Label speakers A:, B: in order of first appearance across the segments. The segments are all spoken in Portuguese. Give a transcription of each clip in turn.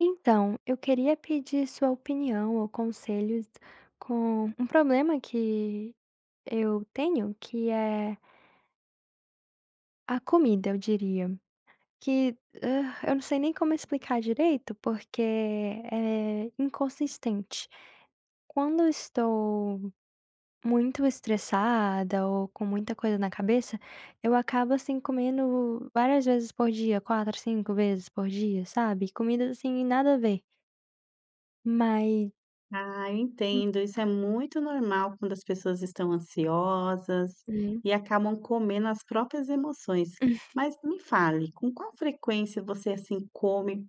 A: Então, eu queria pedir sua opinião, ou conselhos, com um problema que eu tenho, que é a comida, eu diria, que, hã, eu não sei nem como explicar direito, porque é inconsistente. Quando eu estou muito estressada, ou com muita coisa na cabeça, eu acabo, assim, comendo várias vezes por dia, 4, 5 vezes por dia, sabe? Comidas, assim, nada a ver. Mas
B: Ah, eu
A: Hum.
B: entendo, isso é muito normal quando as pessoas estão ansiosas
A: Uhum.
B: e acabam comendo as próprias emoções. Mas me fale, com qual frequência você, assim, come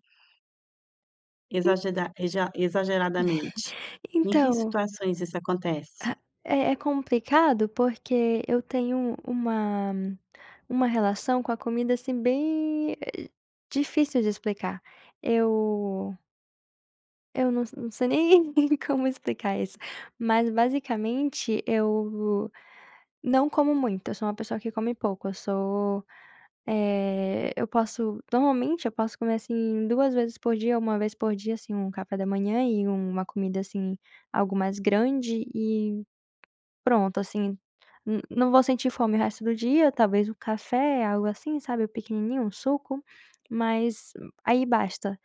A: En
B: exageda exa exageradamente? Em que
A: Então
B: situações isso acontece?
A: Ah, é é complicado, porque eu tenho uma uma relação com a comida, assim, bem, eh, difícil de explicar. Eu Eu não se não sei nem como explicar isso, mas basicamente eu não como muito. Eu sou uma pessoa que come pouco eu sou, eh, eu posso normalmente eu posso comer, assim, 2 vezes por dia, 1 vez por dia, assim, um café da manhã e uma comida assim algo mais grande e pronto, assim n não vou sentir fome o resto do dia talvez o café, algo assim, sabe pequenininho, um suco, mas aí basta.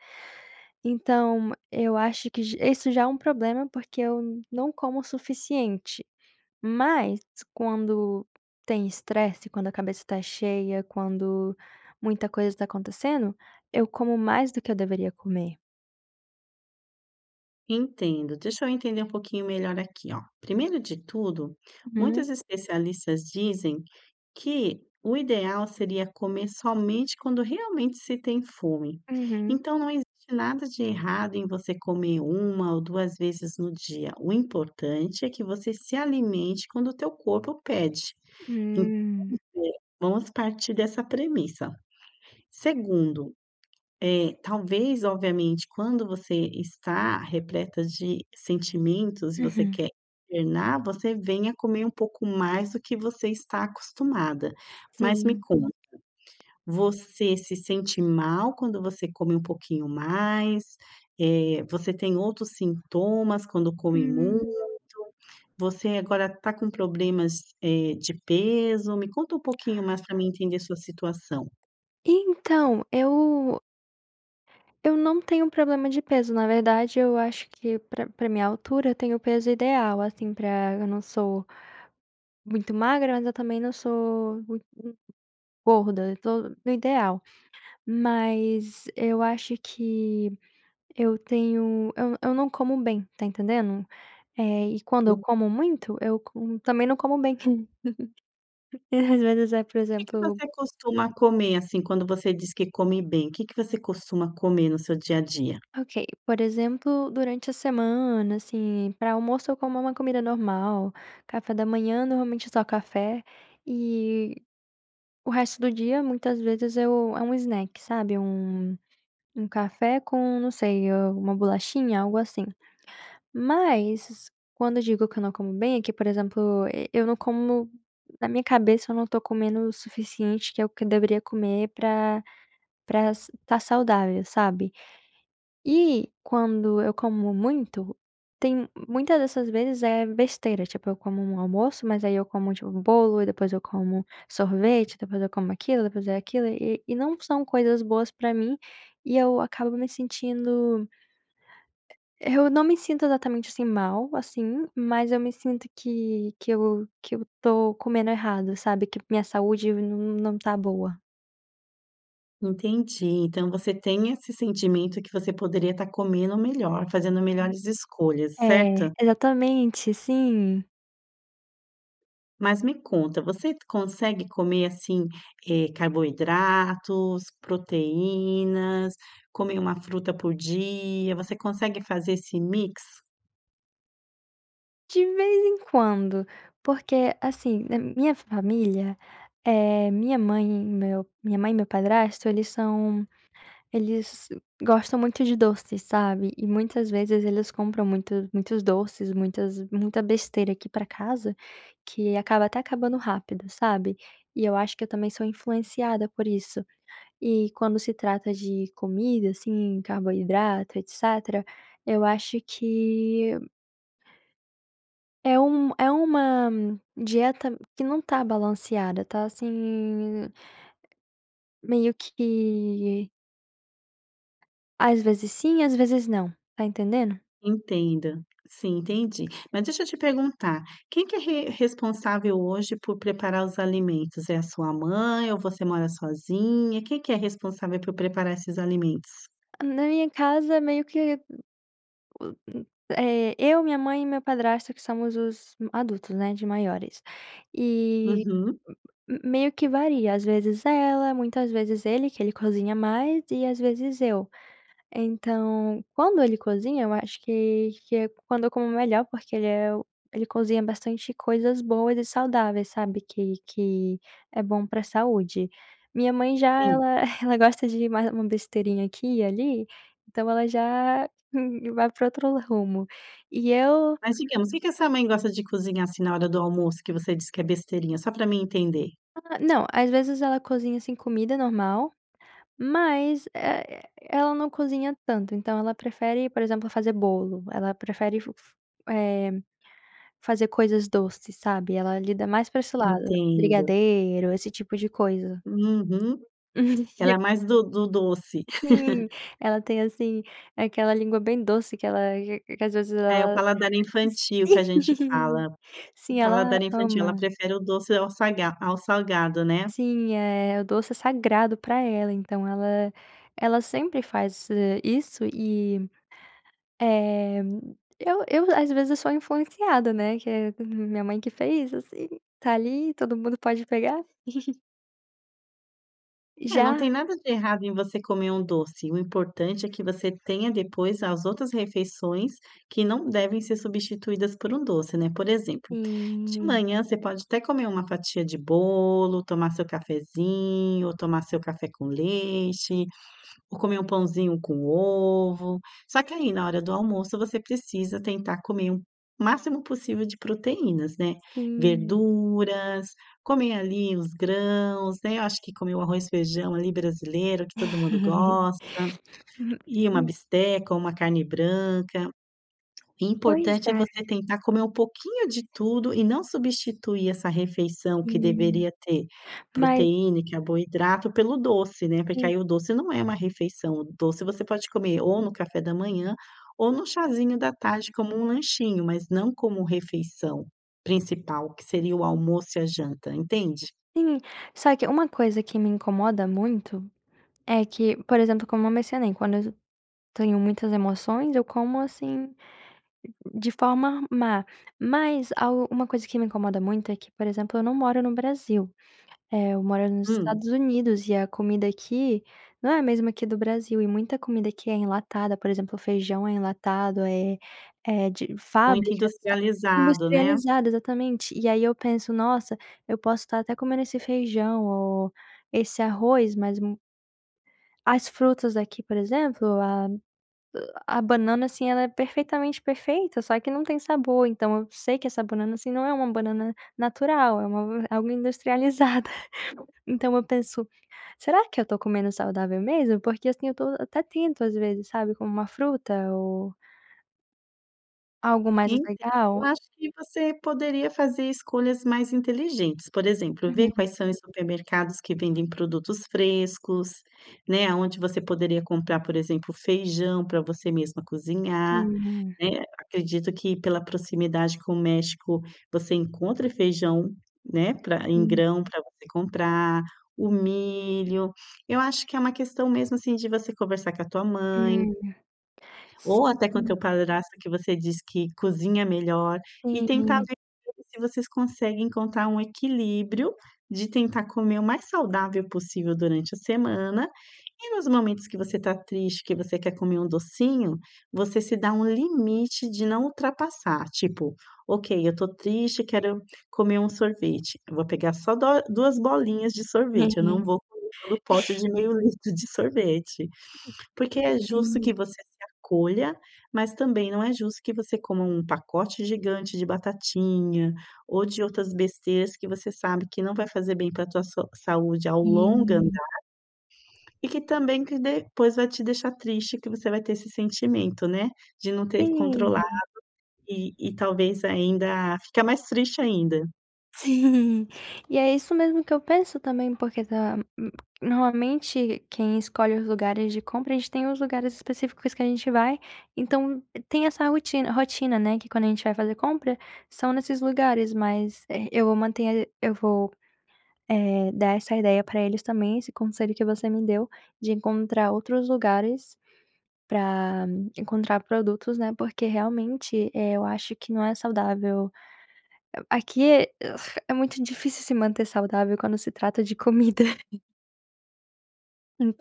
A: Então eu acho que j isso já é um problema, porque eu não como o suficiente, mas quando tem estresse, quando a cabeça tá cheia, quando muita coisa tá acontecendo, eu como mais do que eu deveria comer.
B: Entendo, deixa eu entender um pouquinho melhor aqui, ó. Primeiro de tudo
A: Uhum.
B: muitos especialistas dizem que o ideal seria comer somente quando realmente se tem fome.
A: Uhum.
B: Então não existe nada de errado em você comer 1 ou 2 vezes no dia. O importante é que você se alimente quando o teu corpo pede, [unintelligible]
A: Hum.
B: vamos partir dessa premissa. Segundo, eh, talvez, obviamente, quando você está repleta de sentimentos e você
A: Uhum.
B: quer internar, você vem a comer um pouco mais do que você está acostumada, mas me
A: Sim.
B: conta, você se sente mal quando você come um pouquinho mais? Eh, você tem outros sintomas quando come muito?
A: Hum.
B: Você agora tá com problemas, eh, de peso? Me conta um pouquinho mais para mim entender sua situação.
A: Então eu eu não tenho problema de peso, na verdade, eu acho que pra pra minha altura, eu tenho o peso ideal, assim, pra eu não sou muito magra, mas eu também não sou muito gorda, eu tô no ideal, mas eu acho que eu tenho eu eu não como bem, tá entendendo? Eh, e quando eu
B: Hum.
A: como muito, eu como também não como bem. E às vezes, eh, por
B: O que que
A: exemplo
B: você costuma comer, assim, quando você diz que come bem, o que que você costuma comer no seu dia a dia?
A: Ok, por exemplo, durante a semana, assim, pra almoço, eu como uma comida normal café da manhã, normalmente só café e o resto do dia muitas vezes eu é um snack, sabe, um um café com não sei, alguma bolachinha, algo assim. Mas quando digo que eu não como bem, é que por exemplo, eu não como na minha cabeça eu não tô comendo o suficiente, que é o que eu deveria comer pra pra s tá saudável, sabe. E quando eu como muito, tem muitas dessas vezes é besteira, tipo, eu como um almoço, mas aí eu como, tipo, bolo e depois eu como sorvete, depois eu como aquilo e depois é aquilo e e não são coisas boas para mim, e eu acabo me sentindo eu não me sinto exatamente, assim, mal assim, mas eu me sinto que que eu que eu tô comendo errado, sabe que minha saúde não não está boa.
B: Entendi. Então, você tem esse sentimento que você poderia estar comendo melhor, fazendo melhores escolhas,
A: É.
B: certo?
A: Exatamente. Sim.
B: Mas me conta, você consegue comer, assim, eh, carboidratos, proteínas, comer uma fruta por dia? Você consegue fazer esse mix?
A: De vez em quando. Porque, assim, na minha família, eh, minha mãe, meu minha mãe e meu padrasto, eles são eles gostam muito de doce, sabe? E muitas vezes eles compram muitos doces, muitas muita besteira aqui para casa, que acaba até acabando rápido, sabe, e eu acho que eu também sou influenciada por isso e, quando se trata de comida, assim, carboidrato etc, eu acho que É um é uma dieta que não está balanceada, tá assim, meio que Às vezes sim, às vezes não, tá entendendo?
B: Entendo sim, entendi, mas deixa eu te perguntar. Quem que é re responsável hoje por preparar os alimentos é a sua mãe ou você mora sozinha? Quem que é responsável por preparar esses alimentos?
A: Na minha casa, meio que hum o hum é eu minha mãe e meu padrasto, que somos os adultos, né, de maiores. E
B: Uhum.
A: meio que varia, às vezes ela, muitas vezes ele, que ele cozinha mais e às vezes eu. Então, quando ele cozinha, eu acho que que é quando eu como melhor, porque ele é o ele cozinha bastante coisas boas e saudáveis, sabe que que é bom para a saúde. Minha mãe já
B: Sim.
A: ela ela gosta de uma uma besteirinha aqui e ali, então ela já vai pra outro rumo e eu.
B: Mas digamos o que que a sua mãe gosta de cozinhar, assim, na hora do almoço? Que você disse que é besteirinha? Só para mim entender.
A: Ah, não. Às vezes ela cozinha assim comida normal, mas, eh eh-eh, ela não cozinha tanto, então ela prefere, por exemplo, fazer bolo. Ela prefere f f eh, fazer coisas doces, sabe. Ela lida mais pra esse lado,
B: Entendo.
A: brigadeiro, esse tipo de coisa.
B: Uhum, ela é mais do do doce.
A: Sim. Ela tem, assim, aquela língua bem doce, que ela que que às vezes
B: É o
A: ela,
B: paladar
A: [unintelligible]
B: infantil que a
A: sim
B: gente fala, o
A: sim, ela
B: paladar infantil, ela
A: ama.
B: prefere o doce ao saga ao salgado, né?
A: Sim, é o doce é sagrado para ela, então ela ela sempre faz isso e, eh eu eu às vezes eu sou a influenciada, né, que é minha mãe que fez, assim, tá ali, todo mundo pode pegar.
B: É, não tem
A: Já.
B: nada de errado em você comer um doce. O importante é que você tenha depois as outras refeições que não devem ser substituídas por um doce, né. Por exemplo, de
A: Sim.
B: manhã, você pode até comer uma fatia de bolo, tomar seu cafezinho, tomar seu café com leite ou comer um pãozinho com ovo. Só que aí, na hora do almoço, você precisa tentar comer o máximo possível de proteínas, né.
A: Sim.
B: Verduras, comer ali os grãos, né. Eu acho que comer o arroz, feijão ali brasileiro, que todo mundo gosta, e uma bisteca ou uma carne branca.
A: Pois
B: Importante é
A: é.
B: você tentar comer um pouquinho de tudo e não substituir essa refeição que
A: Sim,
B: deveria ter
A: mas
B: proteína, carboidrato pelo doce, né. Porque
A: Sim.
B: aí o doce não é uma refeição, o doce, você pode comer ou no café da manhã, ou no chazinho da tarde, como um lanchinho, mas não como refeição principal, que seria o almoço e a janta, entende?
A: Sim. Só que uma coisa que me incomoda muito é que, por exemplo, como eu mencionei, quando eu tenho muitas emoções, eu como assim de forma má, mas al uma coisa que me incomoda muito é que, por exemplo, eu não moro no Brasil, eh, eu moro nos
B: Hum.
A: Estados Unidos e a comida aqui não é a mesma que do Brasil e muita comida aqui é enlatada, por exemplo, o feijão é enlatado, é é de
B: Muito
A: fábricas
B: industrializado, né?
A: industrializada exatamente. E aí eu penso: "Nossa, eu posso estar até comendo esse feijão ou esse arroz, mas mo" as frutas aqui, por exemplo, a a banana, assim, ela é perfeitamente perfeita, só que não tem sabor. Então eu sei que essa banana, assim, não é uma banana natural, é uma algo industrializada. Então eu penso: "Será que eu tô comendo saudável mesmo?" Porque assim, eu estou até tento, às vezes sabe como uma fruta ou Algo mais
B: Entendo, eu
A: legal?
B: acho que você poderia fazer escolhas mais inteligentes. Por exemplo, ver
A: Uhum.
B: quais são os supermercados que vendem produtos frescos, né, aonde você poderia comprar, por exemplo, feijão para você mesma cozinhar,
A: Hum, é.
B: né? Acredito que pela proximidade com o México, você encontre feijão, né, pra em
A: Hum.
B: grão pra você comprar, o milho. Eu acho que é uma questão, mesmo, assim, de você conversar com a tua mãe.
A: Hum,
B: Ou até com o
A: sim.
B: teu padrasto, que você diz que cozinha melhor e tentar
A: Sim.
B: ver com ele se vocês conseguem encontrar um equilíbrio de tentar comer o mais saudável possível durante a semana e nos momentos que você tá triste, que você quer comer um docinho, você se dá um limite de não ultrapassar tipo: "Ok, eu tô triste, quero comer um sorvete". Eu vou pegar só dó duas bolinhas de sorvete. Eu não
A: Uhum.
B: vou comer todo pote de meio litro de sorvete, porque
A: [unintelligible]
B: é justo
A: .Sim.
B: que você se acolha, mas também não é justo que você coma um pacote gigante de batatinha, ou de outras besteiras que você sabe que não vai fazer bem para a tua so saúde ao longo
A: Hum.
B: andar. E que também que depois vai te deixar triste que você vai ter esse sentimento, né, de não ter
A: Sim.
B: controlado e e talvez ainda ficar mais triste ainda.
A: Sim, e é isso mesmo que eu penso também, porque tá, hum, normalmente, quem escolhe os lugares de compra a gente tem os lugares específicos que a gente vai. Então tem essa rotina rotina, né. Que, quando a gente vai fazer compra, são nesses lugares, mas, eh, eu vou manter a eu vou, eh, dar essa ideia para eles também. Esse conselho que você me deu de encontrar outros lugares pra encontrar produtos, né. Porque realmente, eh, eu acho que não é saudável. A aqui é muito difícil se manter saudável quando se trata de comida.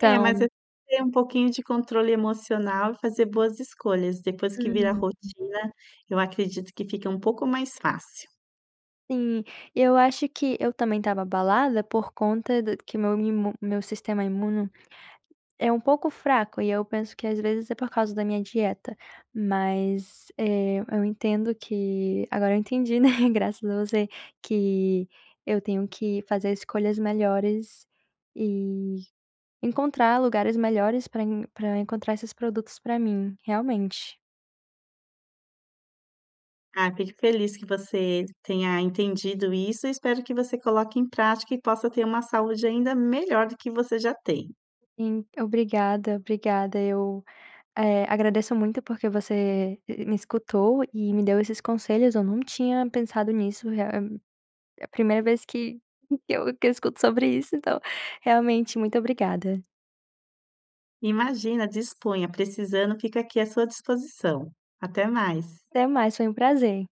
B: É, mas é ter um pouquinho de controle emocional e fazer boas escolhas. Depois que vira a
A: Uhum.
B: rotina, eu acredito que fica um pouco mais fácil.
A: Sim. Eu acho que eu também estava abalada por conta do que meu mimo meu sistema imuno é um pouco fraco e eu penso que, às vezes, é por causa da minha dieta, mas, eh, eu entendo que agora eu entendi, né, graças a você, que eu tenho que fazer escolhas melhores e encontrar lugares melhores pra pra encontrar esses produtos pra mim, realmente.
B: Ah, fico feliz que você tenha entendido isso e espero que você coloque em prática e possa ter uma saúde ainda melhor do que você já tem.
A: Sim, obrigada, obrigada. Eu, eh, agradeço muito porque você, e e me escutou e me deu esses conselhos. Eu num tinha pensado nisso, realm é a primeira vez que eu que eu escuto sobre isso. Então, realmente muito obrigada.
B: Imagina, disponha, precisando, fica aqui à sua disposição. Até mais.
A: Até mais, foi um prazer!